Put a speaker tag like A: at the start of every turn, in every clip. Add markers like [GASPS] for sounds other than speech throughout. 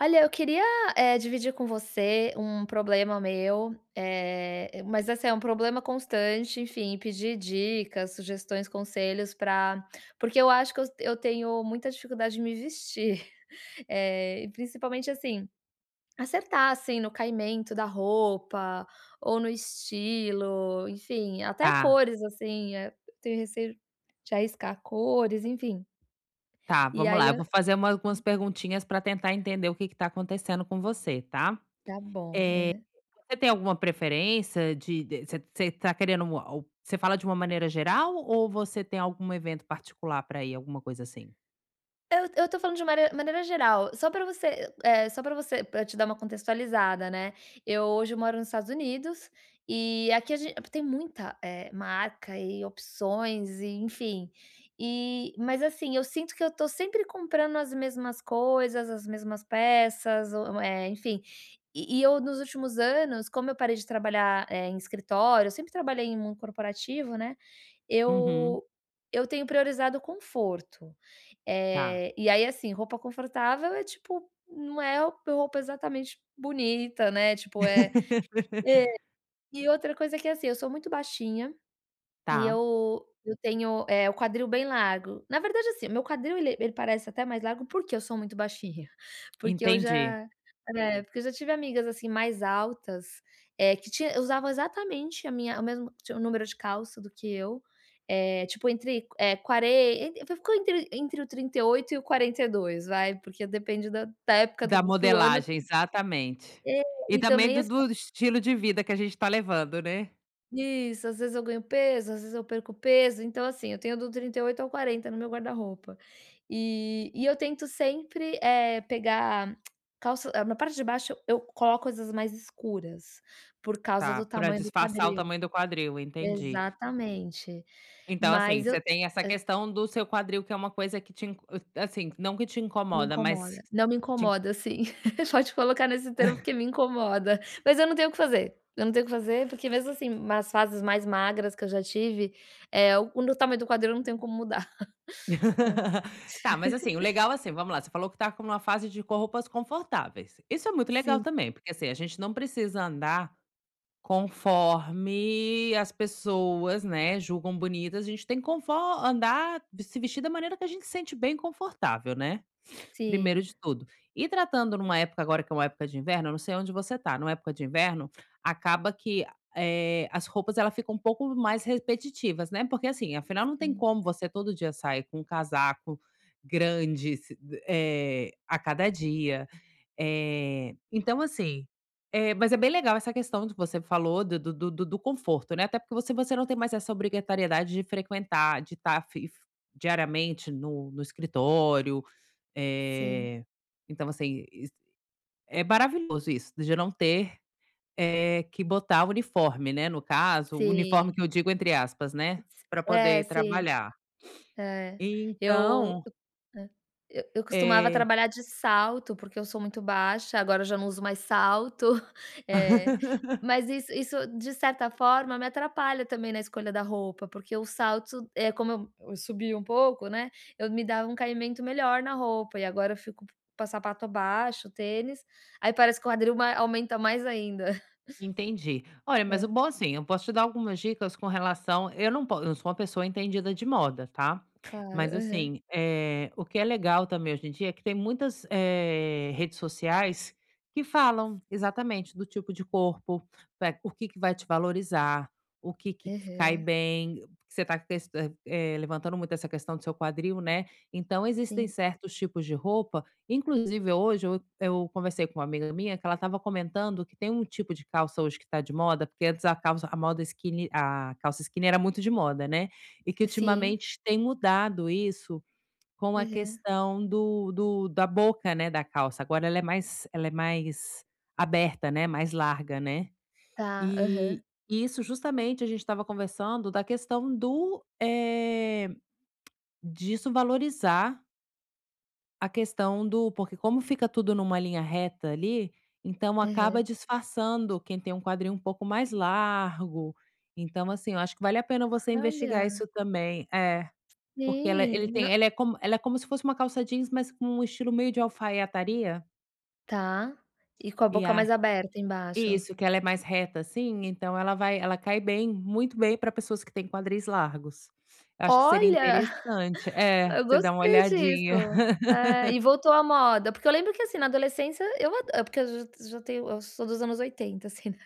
A: Olha, eu queria, eh, dividir com você um problema meu, eh, mas assim é um problema constante, enfim, e pedir dicas, sugestões, conselhos pra porque eu acho que eu eu tenho muita dificuldade de me vestir, [CHUCKLES] eh, e principalmente, assim, acertar, assim, no caimento da roupa, ou no estilo, enfim, até
B: Tá.
A: cores assim, eh, tenho receio de arriscar cores, enfim
B: Tá,
A: E
B: vamos
A: aí
B: lá, eu
A: e Hum.
B: vou fazer uma algumas perguntinhas pra tentar entender o que que tá acontecendo com você, tá,
A: Tá bom.
B: eh,
A: Aham.
B: você tem alguma preferência de de você você tá querendo mu al você fala de uma maneira geral ou você tem algum evento particular para ir, alguma coisa assim?
A: Eu eu tô falando de mane maneira geral, só pra você, eh só pra você, eh, te dar uma contextualizada, né. Eu hoje moro nos Estados Unidos, e aqui a ge tem muita, eh, marca e opções e enfim, e mas, assim, eu sinto que eu tô sempre comprando as mesmas coisas, as mesmas peças, ou eh, enfim, e e eu nos últimos anos, como eu parei de trabalhar, eh, em escritório, eu sempre trabalhei em mundo corporativo, né,
B: Uhum.
A: eu eu tenho priorizado o conforto,
B: Tá.
A: eh, e aí assim, roupa confortável é, tipo, não é roupa exatamente bonita, né, tipo, é É,
B: [LAUGHS]
A: e outra coisa, que é assim, eu sou muito baixinha, e
B: Tá.
A: eu eu tenho, eh, o quadril bem largo, na verdade, assim, meu quadril ele ele parece até mais largo porque eu sou muito baixinha, porque eu
B: Entendi.
A: já né, porque eu já tive amigas assim mais altas, eh, que tinha usavam exatamente a minha tinha o mesmo número de calça do que eu, eh, tipo entre, eh, quaren e ficou entre entre o 38 e o 42 vai, porque depende da da época
B: Da
A: do do ano
B: modelagem, exatamente,
A: É,
B: e
A: e
B: também
A: também
B: do
A: assim
B: do estilo de vida que a gente tá levando, né.
A: Isso, às vezes eu ganho peso, às vezes eu perco peso. Então assim, tenho do 38 ao 40, no meu guarda-roupa. E, e eu tento sempre, eh, pegar [CLICKS TONGUE] calça na parte de baixo, eu coloco as mais escuras, por causa
B: Tá,
A: do
B: para
A: tamanho do
B: disfarçar o
A: quadril
B: tamanho do quadril, entendi.
A: exatamente,
B: Então assim,
A: mas eu
B: você tem essa
A: hã
B: questão do seu quadril, que é uma coisa que te in eh, assim, não que te
A: Me
B: incomoda, mas
A: incomoda. Não, me
B: te
A: incomoda, sim, [LAUGHS] pode colocar nesse termo porque
B: [CHUCKLES]
A: me incomoda. Mas eu não tenho o que fazer, eu não tenho o que fazer porque mesmo assim, nas fases mais magras que eu já tive, eh, o o meu tamanho do quadril eu não tenho como mudar. [CHUCKLES] É.
B: [LAUGHS] Tá, mas assim, o
A: [LAUGHS]
B: legal, assim. Vamos lá, você falou que tá com uma fase de pôr roupas confortáveis. Isso é muito legal
A: Sim.
B: também, porque, assim, a gente não precisa andar conforme as pessoas, né, julgam bonitas. A gente tem que confo andar se vestir da maneira que a gente sente bem confortável, né,
A: S
B: [SNIFFS] primeiro
A: sim.
B: de tudo. E tratando numa época agora, que é uma época de inverno, não sei onde você tá, numa época de inverno, acaba que, eh, as roupas, elas ficam um pouco mais repetitivas, né. Porque assim, afinal, não tem
A: Sim.
B: como você todo dia sair com um casaco grande si eh, a cada dia. Eh, então assim, eh, mas é bem legal essa questão do que você falou do do do do do conforto, né. Até porque, se você não tem
A: Sim.
B: mais essa obrigatoriedade de frequentar, de tá fif diariamente no no escritório.
A: Sim.
B: Eh, então assim is é maravilhoso isso, de não ter, eh, que botar o uniforme, né. No caso, o "uniforme"
A: Sim.
B: que eu digo entre aspas, né, pra poder
A: É,
B: ir
A: sim.
B: trabalhar.
A: É
B: [SNIFFS]
A: eu,
B: Então
A: eh, eu eu costumava
B: É
A: trabalhar de salto, porque eu sou muito baixa, agora eu já não uso mais salto. [CHUCKLES] É, mas
B: [LAUGHS]
A: isso isso de certa forma me atrapalha também na escolha da roupa, porque o salto, eh, como eu subia um pouco, né, eu me dava um caimento melhor na roupa e agora eu fico p sapato baixo, tênis. Aí parece que o quadril mai aumenta mais ainda. [CHUCKLES]
B: Entendi. Olha, mas o
A: É.
B: bom assim, eu posso te dar algumas dicas com relação. Eu não po eu sou uma pessoa entendida de moda, tá.
A: Claro,
B: Mas
A: aham.
B: assim, eh, o que é legal também, hoje em dia, é que tem muitas, eh, redes sociais que falam exatamente: do tipo de corpo, o que que vai te valorizar, o que que te fi cai
A: Aham.
B: bem, porque você está test eh, levantando muito essa questão do seu quadril, né. Então, existem
A: Sim.
B: certos tipos de roupa, inclusive hoje eu eu conversei com uma amiga minha que ela estava comentando que tem um tipo de calça hoje que tá de moda, porque antes a calça a moda skinny a calça skinny era muito de moda, né. E que
A: Sim.
B: ultimamente tem mudado isso, com a
A: Aham.
B: questão do do da boca, né, da calça. Agora, ela é mais ela é mais aberta, né, mais larga, né.
A: Tá, aham.
B: E isso, justamente a gente estava conversando da questão do eh, [CLICKS TONGUE] disso valorizar A questão do porque como fica tudo em uma linha reta ali, então
A: É.
B: acaba disfarçando quem tem um quadril um pouco mais largo, então, assim, eu acho que vale a pena você investigar
A: Olha.
B: isso também, é, porque ela ele
A: Sim,
B: tem
A: n
B: ela é como ela é como se fosse uma calça jeans, mas com um estilo meio de alfaiataria.
A: Tá, e com a
B: E
A: boca
B: a
A: mais aberta embaixo.
B: isso, que ela é mais reta, assim, então ela vai ela cai bem, muito bem pra pessoas que têm quadris largos, eu acho que seria
A: Olha,
B: interessante,
A: [GASPS]
B: é,
A: eu
B: você dá uma
A: gostei
B: olhadinha.
A: disso, eh,
B: [LAUGHS]
A: e voltou à moda, porque eu lembro que, assim, na adolescência eu a porque eu j eu já tenho eu sou dos anos 80, assim, né.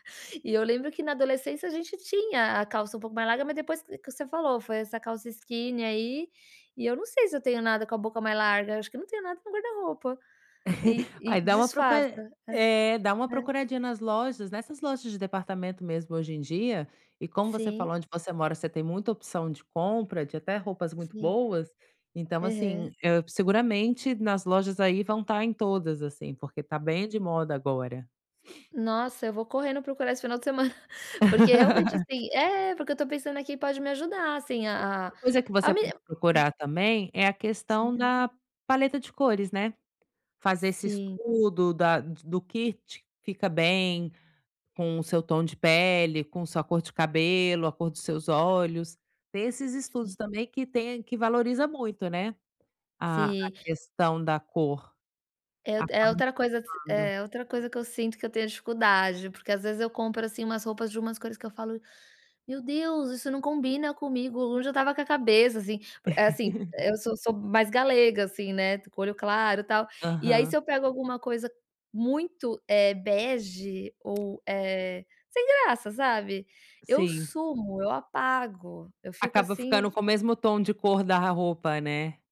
A: E eu lembro que na adolescência a gente tinha a calça um pouco mais larga, mas depois que que você falou foi essa calça skinny aí, e eu não sei se eu tenho nada com a boca mais larga, acho que não tenho nada no guarda-roupa e
B: [CHUCKLES] Aí
A: e
B: dá uma
A: disfarça,
B: procura eh, dá uma
A: é é.
B: procuradinha nas lojas, nessas lojas de departamento mesmo, hoje em dia. E como você
A: Sim.
B: falou, onde você mora você tem muita opção de compra, de até roupas muito
A: Sim.
B: boas, então, assim,
A: Aham.
B: hã, seguramente nas lojas aí vão estar em todas, assim, porque está bem de moda agora. [SNIFFS]
A: Nossa, eu vou correndo procurar esse final de semana, [GASPS] porque, realmente,
B: [LAUGHS]
A: assim é, porque eu tô pensando que pode me ajudar, assim, a
B: Outra coisa que
A: a
B: você
A: me
B: pode
A: hã.
B: procurar também, é a questão
A: Sim.
B: da paleta de cores, né. Fazer esse
A: Sim.
B: estudo da do que te fica bem, com o seu tom de pele, com sua cor de cabelo, a cor dos seus olhos, tem esses estudos
A: Sim.
B: também que tem que valoriza muito, né, a a
A: Sim.
B: questão da cor,.
A: É o é outra coisa
B: [UNINTELLIGIBLE]
A: é outra coisa que eu sinto que eu tenho dificuldade, porque às vezes eu compro, assim, umas roupas de umas coisas que eu falo: "Meu Deus, isso não combina comigo, onde eu estava com a cabeça?", assim, eh, assim, eu
B: [LAUGHS]
A: sou sou mais galega, assim, né, com o olho claro tal, e aí se
B: Aham.
A: eu pego alguma coisa muito, eh, bege ou, eh, sem graça, sabe, eu
B: Sim.
A: sumo, eu apago, eu fico,
B: Acaba
A: assim, um
B: ficando com o mesmo tom de cor da roupa, né.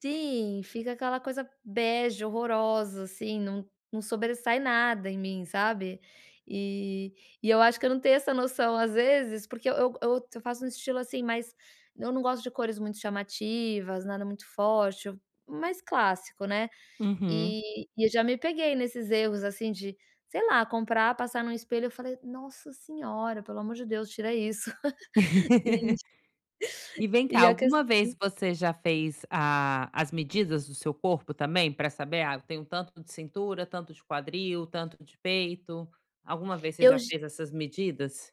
A: Sim, fica aquela coisa bege horrorosa, assim, não não sobressai nada em mim, sabe. E e eu acho que eu não tenho essa noção, às vezes, porque eu eu eu faço um estilo assim mais eu não gosto de cores muito chamativas, nada muito forte, mais clássico, né.
B: Uhum.
A: E e eu já me peguei nesses erros assim de sei lá, comprar, passar num espelho, e falar: "Nossa senhora, pelo amor de Deus, tira isso". [LAUGHS] E
B: [LAUGHS] E vem cá,
A: e a
B: alguma vez
A: questão
B: você já fez a as medidas do seu corpo também pra saber: "Ah, eu tenho um tanto de cintura, tanto de quadril, tanto de peito", alguma vez você
A: Eu
B: já
A: j
B: fez essas medidas?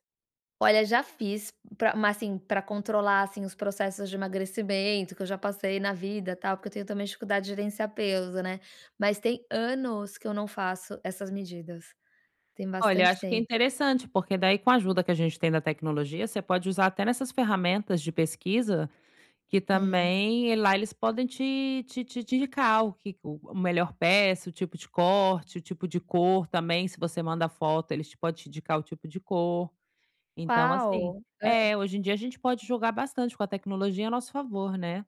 A: Olha já fiz, pra mas, assim, pra controlar, assim, os processos de emagrecimento que eu já passei na vida, tal, porque eu tenho também dificuldade de gerenciar peso, né. Mas tem anos, que eu não faço essas medidas, tem
B: Olha, eu
A: bastante
B: acho que é
A: tempo.
B: interessante, porque, daí, com a ajuda que a gente tem da tecnologia, você pode usar até nessas ferramentas de pesquisa, que
A: Aham.
B: também e lá eles podem te te te te indicar o que o melhor peça, o tipo de corte, o tipo de cor também se você manda foto, eles pod te indicar o tipo de cor, então, assim
A: Uau! Hã.
B: é, hoje em dia a gente pode jogar bastante com a tecnologia a nosso favor, né.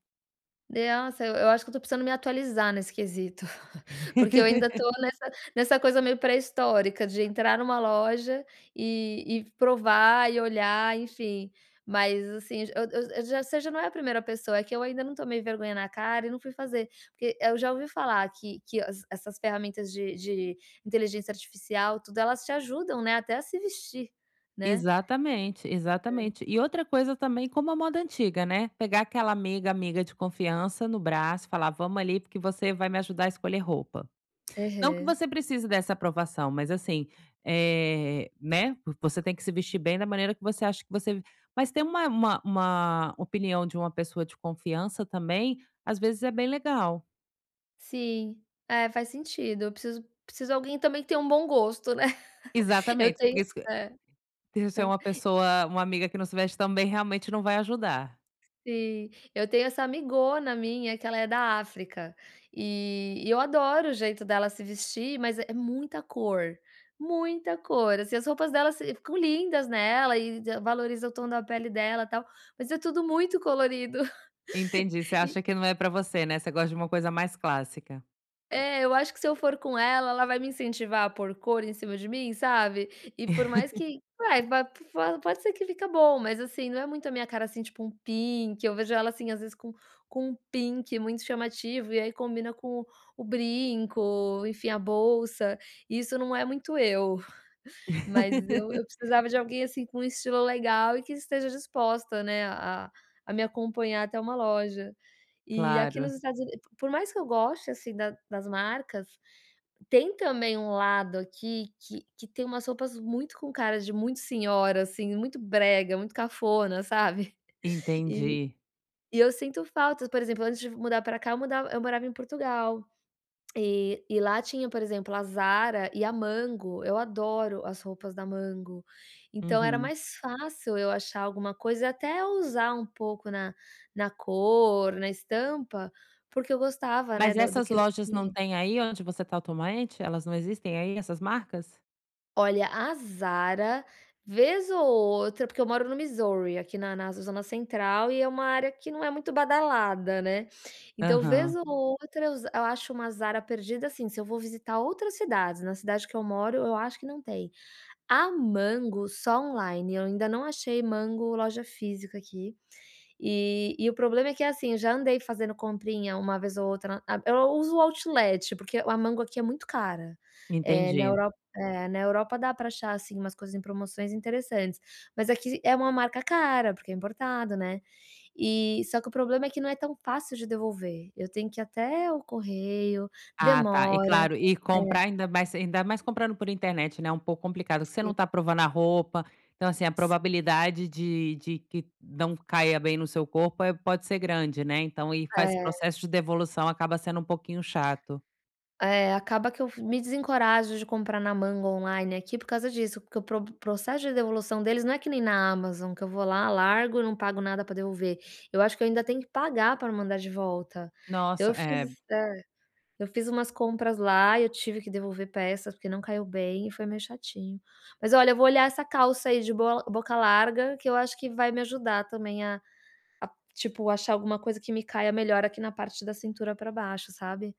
A: Nossa, eu eu acho que eu tô precisando me atualizar nesse quesito, [CHUCKLES] porque eu ainda tô
B: [LAUGHS]
A: nessa nessa coisa meio pré-histórica de entrar em uma loja, e e provar e olhar, enfim, mas assim, eu eu eu já você já não é a 1º pessoa, é que eu ainda não tomei vergonha na cara e não fui fazer, porque eu já ouvi falar que que as essas ferramentas de de inteligência artificial, tudo elas te ajudam, né, até a se vestir, né?
B: Exatamente,
A: É.
B: exatamente, e outra coisa também, como a moda antiga, né, pegar aquela amiga amiga de confiança no braço, e falar: "Vamos, ali, porque você vai me ajudar a escolher roupa". Não que
A: Aham.
B: você precise dessa aprovação, mas, assim, eh, né, vo você tem que se vestir bem da maneira que você acha que você mas ter uma uma uma opinião de uma pessoa de confiança também, às vezes é bem legal.
A: Sim, é faz sentido, eu preciso preciso alguém também que tenha um bom gosto, né, [LAUGHS] eu
B: Exatamente, porque
A: tenho
B: isso, que
A: é.
B: deixar
A: Hã
B: uma pessoa uma amiga que não se veste também, realmente, não vai ajudar.
A: Sim, eu tenho essa amigona minha que ela é da África e e eu adoro o jeito dela se vestir, mas é muita cor, muita cor, assim, as roupas dela se ficam lindas nela e e valoriza o tom da pele dela tal, mas é tudo muito colorido [LAUGHS]
B: Entendi, você
A: e
B: acha que não é pra você, né, você gosta de uma coisa mais clássica.
A: É, eu acho que, se eu for com ela, ela vai me incentivar a por cor em cima de mim, sabe. E por mais
B: [LAUGHS]
A: que vai, va po pode ser que fica bom, mas, assim, não é muito a minha cara, assim, tipo um pink. Eu vejo ela, assim, às vezes, com com um pink muito chamativo, e aí combina com o brinco, enfim, a bolsa, isso não é muito eu, [CHUCKLES] mas eu eu
B: [LAUGHS]
A: precisava de alguém, assim, com um estilo legal e que esteja disposta né, a a a me acompanhar até uma loja. E aqui nos
B: Claro.
A: Estados Unidos, por mais que eu goste, assim, da das marcas, tem também um lado aqui que que tem umas roupas muito com cara de muito senhora, assim, muito brega, muito cafona, sabe. [CHUCKLES] E
B: Entendi.
A: e eu sinto falta, por exemplo, antes de mudar para cá, eu mudav eu morava em Portugal, e e lá tinha, por exemplo, a Zara e a Mango. Eu adoro as roupas da Mango, então era
B: Uhum.
A: mais fácil eu achar alguma coisa e até ousar um pouco na na cor, na estampa, porque eu gostava, né,
B: Mas
A: do do
B: essas
A: que eles
B: lojas não
A: [UNINTELLIGIBLE]
B: têm aí onde você tá atualmente? Elas não existem aí, essas marcas?
A: Olha, a Zara vez ou outra porque eu moro no Missouri, aqui na na zona central e é uma área que não é muito badalada, né, então vez
B: Aham.
A: ou outra eu za acho uma Zara perdida, assim, se eu vou visitar outras cidades, na cidade que eu moro eu acho que não tem, a Mango só online, eu ainda não achei Mango loja física aqui, e e o problema é que, assim, eu já andei fazendo comprinha uma vez ou outra, a eu uso o outlet, porque a Mango aqui é muito cara, eh, na
B: Entendi.
A: Europa na Europa dá pra achar, assim, umas coisas em promoções interessantes, mas aqui é uma marca cara, porque é importado, né, e só que o problema é que não é tão fácil de devolver, eu tenho que ir até o correio,
B: Ah tá, e
A: demora,
B: claro, e comprar,
A: é.
B: ainda mais ainda mais comprando por internet, né, um pouco complicado, porque você
A: Sim.
B: não tá provando a roupa, então, assim, a
A: Sim.
B: probabilidade de de que não caia bem no seu corpo, eh, pode ser grande, né. Então e faz
A: É.
B: processo de devolução acaba sendo um pouquinho chato.
A: É, acaba que eu me desencorajo de comprar na Mango online, aqui, por causa disso. Porque o pro o processo de devolução deles não é que nem na Amazon, que eu vou lá largo e não pago nada para devolver, eu acho que eu ainda tenho que pagar pra mandar de volta, então
B: Nossa,
A: eu fiz
B: eh.
A: hã, eu fiz umas compras lá, eu tive que devolver peças, porque não caiu bem e foi meio chatinho. Mas, olha, eu vou olhar essa calça aí de boa boca larga que eu acho que vai me ajudar também a a, tipo, achar alguma coisa que me caia melhor aqui na parte da cintura para baixo, sabe.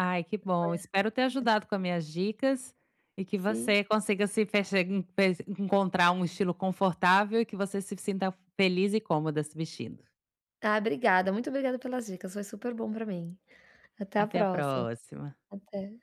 B: Ai, que bom, espero ter
A: É. [UNINTELLIGIBLE]
B: ajudado com as minhas dicas, e que
A: Sim.
B: você consiga se fe enf encontrar um estilo confortável, e que você se sinta feliz e cômoda se vestindo.
A: Tá, obrigada, muito obrigada pelas dicas, foi super bom para mim, até a
B: Até a
A: próxima,
B: próxima.
A: até.